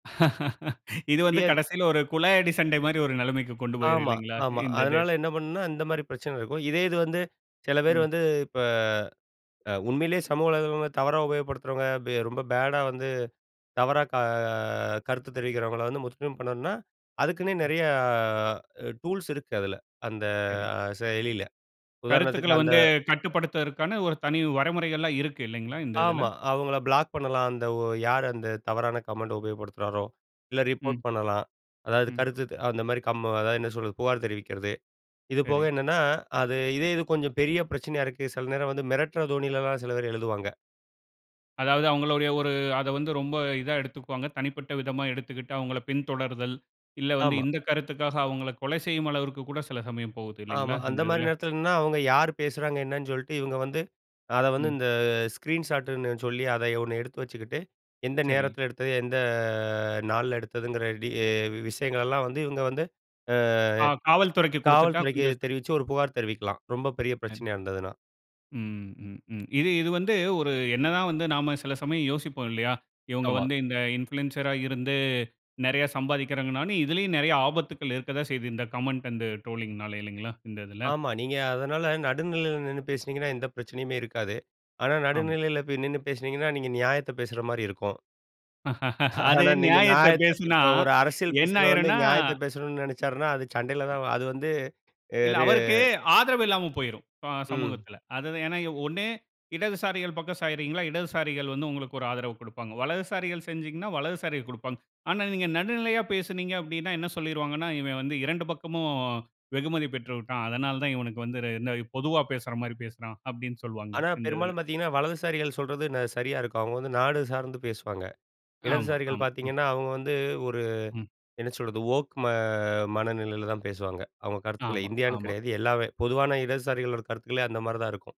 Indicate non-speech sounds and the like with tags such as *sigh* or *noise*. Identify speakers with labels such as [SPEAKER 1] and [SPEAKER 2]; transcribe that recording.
[SPEAKER 1] *laughs* இது வந்து
[SPEAKER 2] ரியல்.
[SPEAKER 1] கடைசில ஒரு குழாயடி சண்டை மாரி, ஒரு நிலைமைக்கு கொண்டு போயிரும்,
[SPEAKER 2] ஆமா,
[SPEAKER 1] இல்லைங்களா.
[SPEAKER 2] ஆமா.
[SPEAKER 1] இந்த இது.
[SPEAKER 2] அதனால என்ன பண்ணணுனா, இந்த மாதிரி பிரச்சனை இருக்கும். இதே இது வந்து, சில பேர்
[SPEAKER 1] ம்.
[SPEAKER 2] வந்து இப்ப, அ உண்மையிலேயே சமூக உலகங்கள்ல தவறா உபயோகப்படுத்துறவங்க. பெ ரொம்ப பேடா வந்து தவறா க கருத்து தெரிவிக்கிறவங்கள்ல வந்து முற்றும் பண்ணணும்னா, அதுக்குன்னே
[SPEAKER 1] ம்.
[SPEAKER 2] நெறைய டூல்ஸ் இருக்கு, அதில. அந்த
[SPEAKER 1] சரி.
[SPEAKER 2] செயலில. உதாரணத்துக்கு
[SPEAKER 1] கருத்துக்கள்ல
[SPEAKER 2] அந்த
[SPEAKER 1] வந்து கட்டுப்படுத்துவதற்கான ஒரு தனி வரைமுறைகள்லாம் இருக்கு. இல்லைங்களா இந்த இதுல.
[SPEAKER 2] ஆமா. அவங்கள பிளாக் பண்ணலாம். அந்த ஒ யாரு அந்த தவறான கமெண்ட உபயோகப்படுத்துகிறாரோ, இல்ல ரிப்போர்ட்
[SPEAKER 1] ம்.
[SPEAKER 2] பண்ணலாம். அதாவது
[SPEAKER 1] ம்.
[SPEAKER 2] கருத்துத் அந்த மாரி கம் அதாவது என்ன சொல்றது? புகார் தெரிவிக்கிறது. இது போக
[SPEAKER 1] சரி.
[SPEAKER 2] என்னன்னா, அது இதே இது கொஞ்சம் பெரிய பிரச்சனையா இருக்கு. சில நேரம் வந்து மிரட்டுற தோணிலலாம், சில பேர் எழுதுவாங்க.
[SPEAKER 1] அதாவது, அவுங்ளுடைய ஒரு, அதை வந்து ரொம்ப இதா எடுத்துக்குவாங்க. தனிப்பட்ட விதமா எடுத்துக்கிட்டு, அவுங்கள பின்தொடர்தல். இல்ல வந்து,
[SPEAKER 2] ஆமா.
[SPEAKER 1] இந்த கருத்துக்காக அவுங்கள கொலை செய்யும் அளவிற்கு கூட சில சமயம் போகுது. இல்லைங்களா,
[SPEAKER 2] ஆமா. அந்த
[SPEAKER 1] இந்த
[SPEAKER 2] மாரி
[SPEAKER 1] இதுல.
[SPEAKER 2] நேரத்துலன்னா, அவுங்க யாரு பேசுகிறாங்க? என்னன்னு சொல்லிட்டு, இவங்க வந்து, அத வந்து,
[SPEAKER 1] ம்.
[SPEAKER 2] இந்த ஸ்க்ரீன் ஷாட்டுன்னு சொல்லி, அதை ஒண்ணு எடுத்து வச்சுக்கிட்டு, எந்த
[SPEAKER 1] சரி.
[SPEAKER 2] நேரத்தில எடுத்தது? எந்த ஆ நாள்ல எடுத்ததுங்கிற டீ விஷயங்களெல்லாம் வந்து இவங்க வந்து, ஆ
[SPEAKER 1] ஆ. காவல்துறைக்கு கொடுத்துட்டா,
[SPEAKER 2] காவல்துறைக்கு
[SPEAKER 1] கொஞ்சம்
[SPEAKER 2] தெரிவிச்சு, ஒரு புகார் தெரிவிக்கலாம், ரொம்ப பெரிய
[SPEAKER 1] ஆ.
[SPEAKER 2] பிரச்சனையா இருந்ததுனா.
[SPEAKER 1] ம். ம். ம். இது, இது வந்து ஒரு, என்ன தான் வந்து நாம சில சமயம் யோசிப்போம், இல்லையா. இவங்க
[SPEAKER 2] ஆமா.
[SPEAKER 1] வந்து, இந்த இன்ஃப்ளூயன்சரா இருந்து, நெறைய சம்பாதிக்கிறாங்கன்னு, ஆனா, இதிலேயும் நெறைய ஆபத்துக்கள் இருக்கத்தான் செய்தது. இந்த கமெண்ட் அண்ட் ட்ரோலிங்னால. இல்லைங்களா, இந்த இதில.
[SPEAKER 2] ஆமா. நீங்க அதனால, நடுநிலையில நின்னு பேசுனீங்கன்னா, எந்த பிரச்சனையுமே இருக்காது. ஆனா,
[SPEAKER 1] ஆமா.
[SPEAKER 2] நடுநிலையில போய் நின்னு பேசுனீங்கன்னா, நீங்க நியாயத்த பேசுற மாரி இருக்கும்.
[SPEAKER 1] *chuckles*
[SPEAKER 2] *chuckles*
[SPEAKER 1] அது
[SPEAKER 2] ஆனா, நீங்க
[SPEAKER 1] நியாயத்தை
[SPEAKER 2] நியாயத்த
[SPEAKER 1] பேசினா,
[SPEAKER 2] இப்ப ஒரு அரசியல்
[SPEAKER 1] என்ன
[SPEAKER 2] பேசுறவரு வந்து,
[SPEAKER 1] ஆகிரும்னா.
[SPEAKER 2] நியாயத்தை பேசணும்னு நினைச்சாருனா, அது சண்டையில தான். அது வந்து ய
[SPEAKER 1] இல்ல,
[SPEAKER 2] ரே
[SPEAKER 1] அவருக்கு ஆதரவு இல்லாம போயிரும், இப்ப ஆ
[SPEAKER 2] ம்.
[SPEAKER 1] சமூகத்தில. அது ஏன்னா, ஒண்ணு, இடதுசாரிகள் பக்கம் சாயிறீங்களா? இடதுசாரிகள் வந்து உங்களுக்கு ஒரு ஆதரவு கொடுப்பாங்க. வலதுசாரிகள் சாஞ்சீங்கன்னா, வலதுசாரிகள் கொடுப்பாங்க. ஆனா, நீங்க நடுநிலையா பேசுனீங்க. அப்பிடீன்னா, என்ன சொல்லிருவாங்கன்னா, இவன் வந்து, இரண்டு பக்கமும் வெகுமதி பெற்று விட்டான். அதனால தான் இவனுக்கு வந்து ரெ இந்த பொதுவா பேசுற மாரி பேசுறான். அப்பிடீன்னு சொல்லுவாங்க,
[SPEAKER 2] ஆனா,
[SPEAKER 1] இந்த இதில.
[SPEAKER 2] பெரும்பாலும் பாத்தீங்கன்னா, வலதுசாரிகள் ந சொல்றது சரியா இருக்கும். அவங்க வந்து நாடு சார்ந்து பேசுவாங்க.
[SPEAKER 1] ஆமா,
[SPEAKER 2] இடதுசாரிகள்
[SPEAKER 1] ஆமா. ம்.
[SPEAKER 2] பாத்தீங்கன்னா, அவங்க வந்து, ஒரு
[SPEAKER 1] ம்.
[SPEAKER 2] என்ன சொல்றது? ஓக் ம மனநிலையில தான் பேசுவாங்க. அவங்க கருத்துக்கள
[SPEAKER 1] ஆமா,
[SPEAKER 2] இந்தியான்னு
[SPEAKER 1] ஆமா.
[SPEAKER 2] கிடையாது. எல்லாவே. பொதுவான இடதுசாரிகளோட கருத்துக்களே, அந்த மாதிரி தான் இருக்கும்.